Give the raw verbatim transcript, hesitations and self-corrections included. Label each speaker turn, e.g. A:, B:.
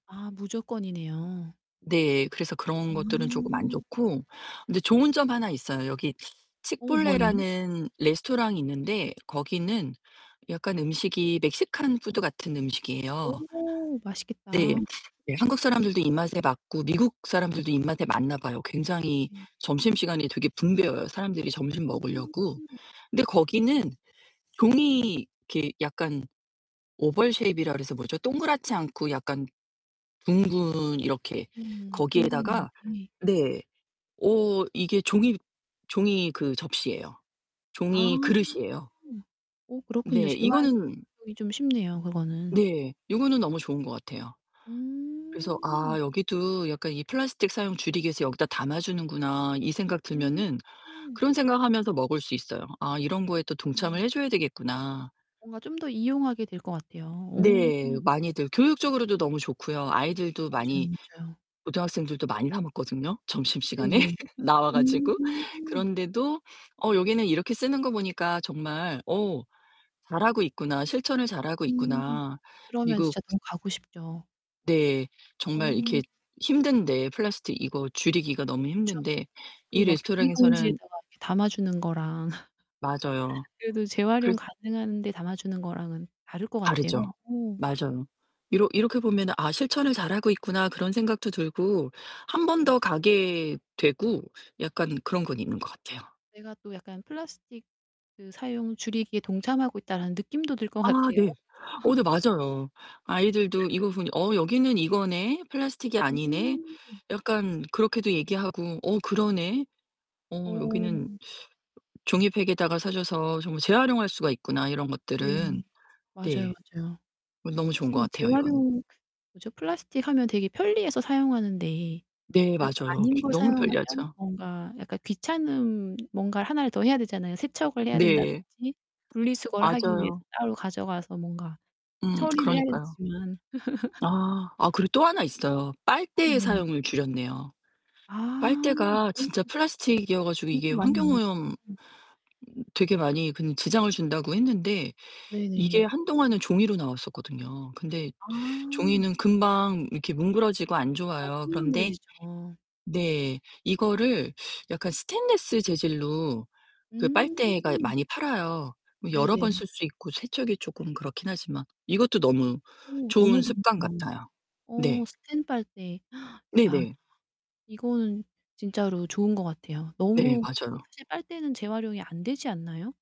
A: 아 무조건이네요.
B: 네. 그래서 그런
A: 아.
B: 것들은 쪼금 안 좋고 근데 좋은 점 하나 있어요. 여기
A: 어 뭐예요?
B: Chipotle라는 레스토랑이 있는데 거기는 약간 음식이 멕시칸 푸드 같은 음식이에요.
A: 오
B: 네.
A: 맛있겠다.
B: 네 한국 사람들도 입맛에 맞고, 미국 사람들도 입맛에 맞나 봐요. 굉장히
A: 네.
B: 점심시간이 되게 붐벼요, 사람들이 점심
A: 음.
B: 먹으려고. 근데 거기는 종이 이렇게 약간 oval shape이라 그래서 뭐죠? 동그랗지 않고 약간 둥근 이렇게
A: 음. 둥근
B: 거기에다가
A: 형태
B: 네. 오 이게 종이 종이 그 접시예요.
A: 아.
B: 종이 그릇이에요.
A: 어 그렇군요.
B: 네
A: 재활용이
B: 이거는
A: 좀 쉽네요, 그거는.
B: 네 이거는 너무 좋은 것 같아요. 그래서
A: 음.
B: '아 여기도 약간 이 플라스틱 사용 줄이기 위해서 여기다 담아 주는구나.' 이 생각 들면은
A: 음.
B: 그런 생각 하면서 먹을 수 있어요. '아 이런 거에 또 동참을
A: 음.
B: 해 줘야 되겠구나.'
A: 뭔가 좀 더 이용하게 될 것 같아요. 오.
B: 네. 많이들 교육적으로도 너무 좋고요. 아이들도
A: 맞아요,
B: 많이
A: 맞아요.
B: 고등학생들도 많이 사 먹거든요 점심시간에
A: 네네.
B: 나와
A: 음.
B: 가지고. 그런데도 '어 여기는 이렇게 쓰는 거 보니까 정말 어 잘하고 있구나. 실천을 잘하고
A: 음.
B: 있구나.'
A: 그러면
B: 미국
A: 진짜 너무 가고 싶죠.
B: 네. 정말 이렇게
A: 음.
B: 힘든데 플라스틱 이거 줄이기가 너무
A: 그쵸.
B: 힘든데
A: 그
B: 이
A: 막
B: 레스토랑에서는
A: 비닐봉지에다가 이렇게 담아 주는 거랑
B: 맞아요.
A: 그래도 재활용
B: 그래서
A: 가능한데 담아주는 거랑은 다를 것 같아요.
B: 다르죠.
A: 어.
B: 맞아요. 이러 이렇게 보면은 '아 실천을 잘하고 있구나.' 그런 생각도 들고 한 번 더
A: 맞아.
B: 가게 되고 약간 그런 건 있는 것 같아요.
A: 내가 또 약간 '플라스틱 그 사용 줄이기에 동참하고 있다.'라는 느낌도 들 것
B: 아
A: 같아요.
B: 네. 어 네 맞아요. 아이들도 이거 보니 "어 여기는 이거네. 플라스틱이 아니네."
A: 음.
B: 약간 그렇게도 얘기하고 "어 그러네. 어 여기는
A: 어.
B: 종이팩에다가 싸 줘서 정말 재활용할 수가 있구나. 이런
A: 네
B: 것들은."
A: 맞아요,
B: 네.
A: 맞아요.
B: 어 너무 좋은 것
A: 사실
B: 같아요, 이건.
A: 재활용 뭐죠? 플라스틱 하면 되게 편리해서 사용하는데
B: 네
A: 그래도
B: 맞아요.
A: 아닌 걸
B: 너무
A: 사용하면
B: 편리하죠.
A: 뭔가 약간 귀찮은 뭔가를 하나를 더 해야 되잖아요. 세척을 해야
B: 네.
A: 된다든지 분리수거를 하기 위해서
B: 맞아요.
A: 따로 가져가서 뭔가
B: 음
A: 처리를 해야
B: 그러니까요.
A: 되지만
B: 아. 아 그리고 또 하나 있어요.
A: 음
B: 빨대의
A: 네.
B: 사용을 줄였네요.
A: 아.
B: 빨대가
A: 그런 거
B: 진짜 플라스틱 이어 가지고 이게
A: 진짜 많이 나오죠.
B: 환경오염 음
A: 음.
B: 되게 많이 그런 지장을 준다고 했는데 이게
A: 네네.
B: 한동안은 종이로 나왔었거든요. 근데
A: 아.
B: 종이는 금방 이렇게 뭉그러지고 안
A: 맞아
B: 좋아요. 그런데
A: 흐물흐물해지죠.
B: 네 이거를 약간 스테인리스 재질로 그 빨대가
A: 음.
B: 많이 팔아요. 뭐 여러 번
A: 네네.
B: 쓸 수 있고 세척이 쪼끔 그렇긴 하지만 이것도 너무
A: 어
B: 좋은
A: 너무
B: 습관
A: 좋네요.
B: 같아요.
A: 어
B: 네.
A: 스탠 빨대. 야.
B: 네네.
A: 이거는 진짜로 좋은 것 같아요.
B: 네
A: 너무 그리고
B: 맞아요.
A: 사실 빨대는 재활용이 안 되지 않나요?